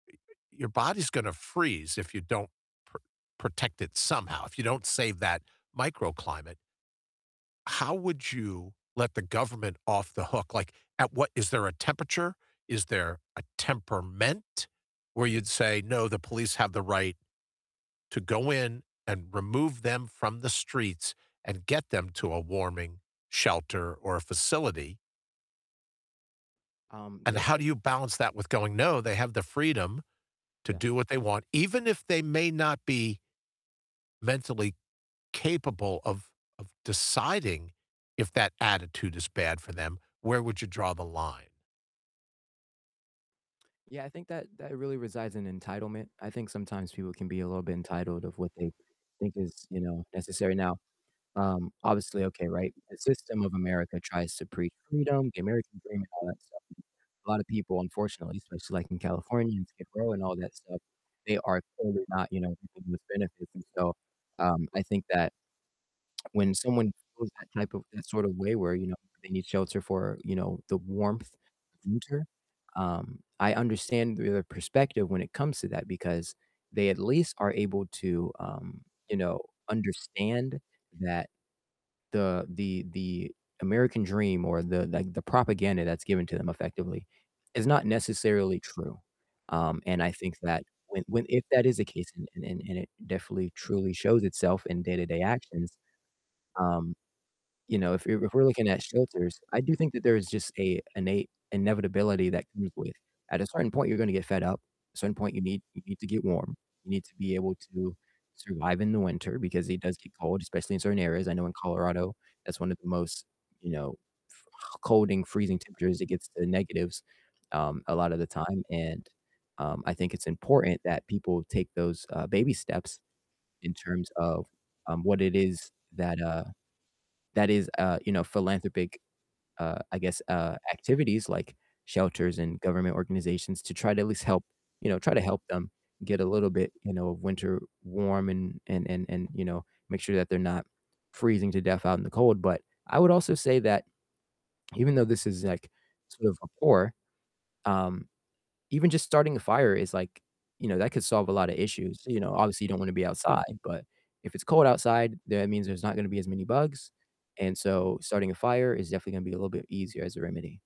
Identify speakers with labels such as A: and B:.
A: Your body's gonna freeze if you don't, pr protect it somehow, if you don't save that microclimate. How would you let the government off the hook? Like, at what is there a temperature? Is there a temperament where you'd say, "No, the police have the right to go in and remove them from the streets and get them to a warming shelter or a facility"?
B: Um,
A: And
B: that
A: how do you balance that with going, "No, they have the freedom to
B: Yeah.
A: do what they want," even if they may not be mentally capable of, of deciding if that attitude is bad for them? Where would you draw the line?
B: Yeah, I think that that really resides in entitlement. I think sometimes people can be a little bit entitled of what they think is, you know, necessary. Now, um, obviously, okay, right? The system of America tries to preach freedom, the American dream and all that stuff. A lotta people, unfortunately, especially, like, in California, and Skid Row and all that stuff, they are totally not, you know, reaping those benefits. And so, um, I think that when someone goes that type of that sort of way where, you know, they need shelter for, you know, the warmth of winter, um, I understand their perspective when it comes to that because they at least are able to, um, you know, understand that the the the American dream or the, like, the propaganda that's given to them effectively is not necessarily true. Um, and I think that when, when if that is the case and, and and it definitely truly shows itself in day-to-day actions, um, you know, if you're if we're looking at shelters, I do think that there is just a innate inevitability that comes with, at a certain point, you're gonna get fed up. At a certain point, you need you need to get warm. You need to be able to survive in the winter because it does get cold, especially in certain areas. I know in Colorado, that's one of the most, you know, cold and freezing temperatures. It gets to the negatives, um, a lotta the time. And, um, I think it's important that people take those, uh, baby steps in terms of, um, what it is that, uh, that is, uh, you know, philanthropic, uh, I guess, uh, activities, like, shelters and government organizations to try to at least help, you know, try to help them get a little bit, you know, winter warm and and and, you know, make sure that they're not freezing to death out in the cold. But, I would also say that even though this is, like, sort of a poor, um, even just starting a fire is, like, you know, that could solve a lot of issues. You know, obviously you don't wanna be outside, but, if it's cold outside, that means there's not gonna be as many bugs. And so, starting a fire is definitely gonna be a little bit easier as a remedy.